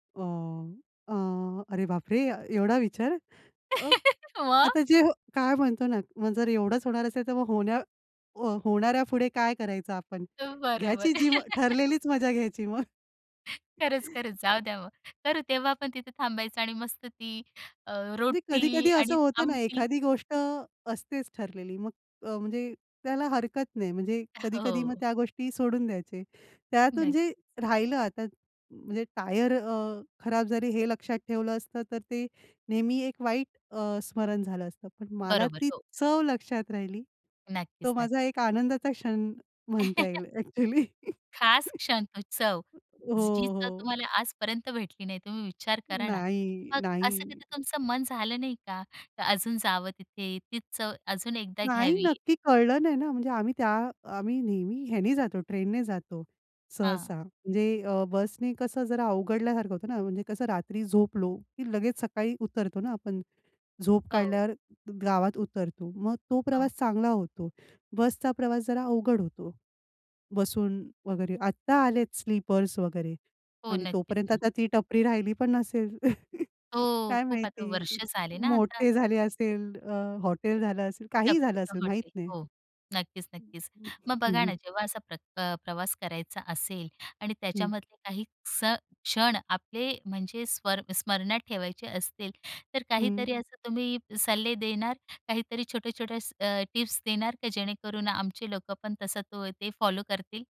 वाम अ, अरे बापरे! एवढा विचार. अ, मग? आता जे काय म्हणतो ना मग जर एवढंच होणार असेल तर मग होण्या अ, होणाऱ्या पुढे काय करायचं आपण? अ, बरोबर. घ्यायची जी ठरलेलीच मजा घ्यायची मग. खरंच, खरंच. जाऊ द्या हो. तर तेव्हा आपण तिथे थांबायचं आणि मस्त ती अ, म्हणजे रोटी कधी-कधी असं आणि होतं ना आमटी. एखादी गोष्ट असतेच ठरलेली मग अ, म्हणजे त्याला हरकत नाही. म्हणजे अ, हो, कधी-कधी मग हो. त्या गोष्टीही सोडून द्यायचे. त्यातून जे नक्कीच. राहिलं आता म्हणजे टायर अ, खराब जरी हे लक्षात ठेवलं असतं. तर ते नेहमी एक वाईट अ, स्मरण झालं असतं. पण मला बरोबर, ती हो. चव लक्षात राहिली. तो नक्कीच, नक्की. माझा एक आनंदाचा क्षण म्हणता येईल, ॲक्चुअली. खास क्षण तो चव, हो, जी चव हो. तुम्हाला आजपर्यंत भेटली नाही. तुम्ही विचार करा ना. नाही, मग असं नाही. कधी तुमचं मन झालं नाही का, का अजून जावं तिथे? तीच चव अजून एकदा नाही. घ्यावी? नक्की कळलं नाही ना. म्हणजे आम्ही त्या आम्ही नेहमी ह्याने जातो, ट्रेनने जातो हां. सहसा. म्हणजे अ, बसने कसं जरा अवघडल्यासारखं होतं ना. म्हणजे कसं रात्री झोपलो की लगेच सकाळी उतरतो ना आपण. झोप हो. काढल्यावर गावात उतरतो. मग तो हो. प्रवास चांगला होतो. बसचा प्रवास जरा अवघड होतो. बसून वगैरे. आता आलेत स्लीपर्स वगैरे हो. आणि नक्कीच तोपर्यंत ना. आता ती टपरी राहिली पण नसेल. हो. काय खूप आता वर्ष माहिती? झाले ना आता. मोठे झाले असेल. अ, हॉटेल झालं असेल, काहीही झालं टपरीचा असेल, माहित हॉटेल नाही. हो. नक्कीच, नक्कीच. मग हं, बघा हं. ना जेव्हा असा प्रत अ, प्रवास करायचा असेल आणि हं. त्याच्यामधले काही स क्षण आपले म्हणजे स्वर स्मरणात ठेवायचे असतील. तर हं. काहीतरी असं तुम्ही सल्ले देणार? काहीतरी छोटे-छोटे असं अ, टिप्स देणार का जेणेकरून आमचे लोक पण तसा तो ते फॉलो करतील?